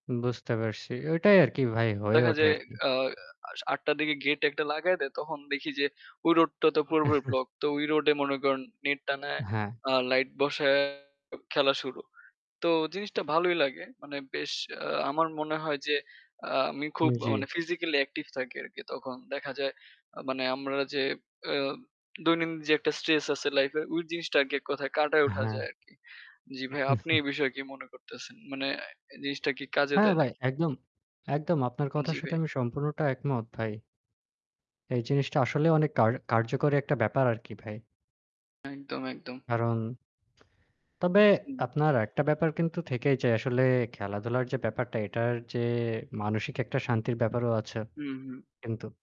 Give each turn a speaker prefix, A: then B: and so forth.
A: বুঝতে পারছি। ওইটাই আরকি ভাই হয়ে
B: দেখা
A: ওঠে
B: যায়
A: আরকি।
B: আ আস ৮ঃ০০ দিকে gate একটা লাগায় দেয়। তখন দেখি যে ওই road টা তো পুরোপুরি block. তো ওই road এ মনে করেন net টানায়,
A: হ্যাঁ।
B: আ light বসায়, খেলা শুরু। তো জিনিসটা ভালোই লাগে। মানে বেশ আ আমার মনে হয় যে আ আমি খুব
A: উম জি।
B: মানে physically active থাকি আরকি তখন। দেখা যায় আ মানে আমরা যে আ দৈনন্দিন যে একটা stress আছে life এ, ওই জিনিসটা আরকি এক কথায় কাঁটাই উঠা
A: হ্যাঁ।
B: যায় আরকি। জি ভাইয়া, আপনি এই বিষয়ে কি মনে করতেছেন? মানে এই জিনিসটা কি কাজে
A: হ্যাঁ
B: দেয়
A: ভাই,
B: নাকি?
A: একদম, একদম আপনার কথার
B: জি
A: সাথে
B: ভাই।
A: আমি সম্পূর্ণটা একমত ভাই। এই জিনিসটা আসলে অনেক কার-কার্যকরী একটা ব্যাপার আর কি ভাই।
B: একদম, একদম।
A: কারণ তবে
B: হুম।
A: আপনার একটা ব্যাপার কিন্তু থেকেই যে আসলে খেলাধুলার যে ব্যাপারটা এটার যে মানসিক একটা
B: [unintelligible]
A: শান্তির ব্যাপারও আছে,
B: হুম, হুম।
A: কিন্তু